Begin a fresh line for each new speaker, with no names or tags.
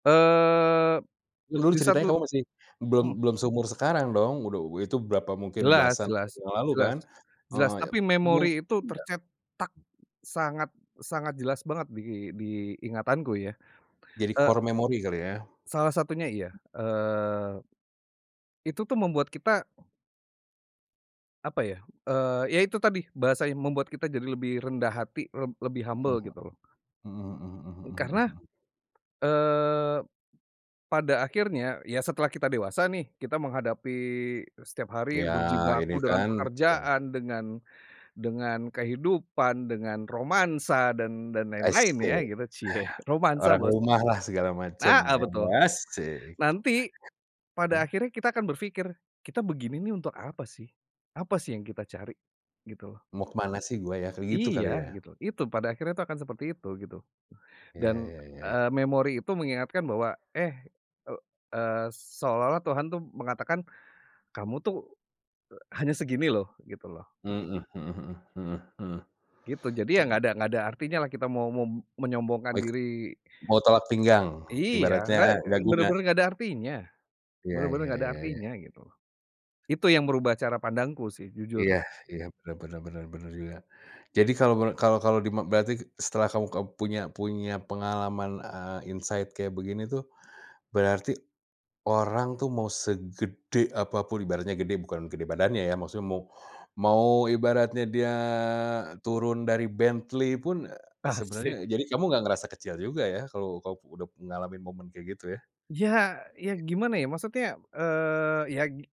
Eee,
Dulu
di
ceritanya
satu
kamu masih belum
hmm.
belum seumur sekarang dong, udau itu berapa mungkin
Jelas
belasan
jelas
tahun yang lalu kan?
jelas jelas.
Heeh ya,
Tapi memori
Mungkin
itu
nggak
tercetak sangat sangat jelas banget di di ingatanku ya.
Jadi
Eee
core memory kali ya.
Salah satunya iya. Eee Itu tuh membuat kita apa ya, eee, ya itu tadi bahasanya membuat kita jadi lebih rendah hati leb lebih
Mmm.
humble gitu.
Mhm mhm mhm mhm
Karena,
mhm mhm.
eee, pada akhirnya, ya setelah kita dewasa nih kita menghadapi setiap hari
Iya ini
berjibaku dengan
kan gimana Kak?
pekerjaan, dengan dengan kehidupan, dengan romansa dan dan lain-lain ya,
Asyik.
gitu, cie romansa
Orang
bos.
rumah lah segala macem,
Nah, eee, betul.
emang asyik.
Nanti, pada
Ah.
akhirnya kita akan berpikir, "Kita begini nih untuk apa sih, apa sih yang kita cari?" Gitu loh.
"Mau ke mana sih gue ya?" kayak gitu
Iya
kali ya.
gitu. Itu pada akhirnya tuh akan seperti itu gitu
Iya
dan,
iya iya iya.
eee, memori itu mengingatkan bahwa, eh, eee eee, seolah-olah Tuhan tuh mengatakan kamu tuh hanya segini loh gitu loh.
Mhm mhm mhm mhm mhm.
Gitu jadi ya nggak
Mmm.
ada nggak ada, artinya lah kita mau mem menyombongkan
Wik
diri
mau tolak pinggang,
iya nggak
ibaratnya gak guna.
bener-bener nggak ada artinya
Iya
bener-bener
iya
nggak ada
iya iya.
artinya, gitu. Itu yang merubah cara pandangku sih jujur.
Iya iya, bener bener bener bener juga. Jadi kalau, men kalau kalau dima berarti setelah kamu keb punya punya pengalaman, eee, insight kayak begini tuh, berarti orang tuh mau segede apa pun, ibaratnya gede, bukan gede badannya ya maksudnya mau mau ibaratnya dia turun dari Bentley pun, sebenarnya
Asyik.
jadi kamu enggak ngerasa kecil juga ya kalau kamu udah ngalamin momen kayak gitu ya.
Iya iya
Ya.
gimana ya maksudnya, eee, ya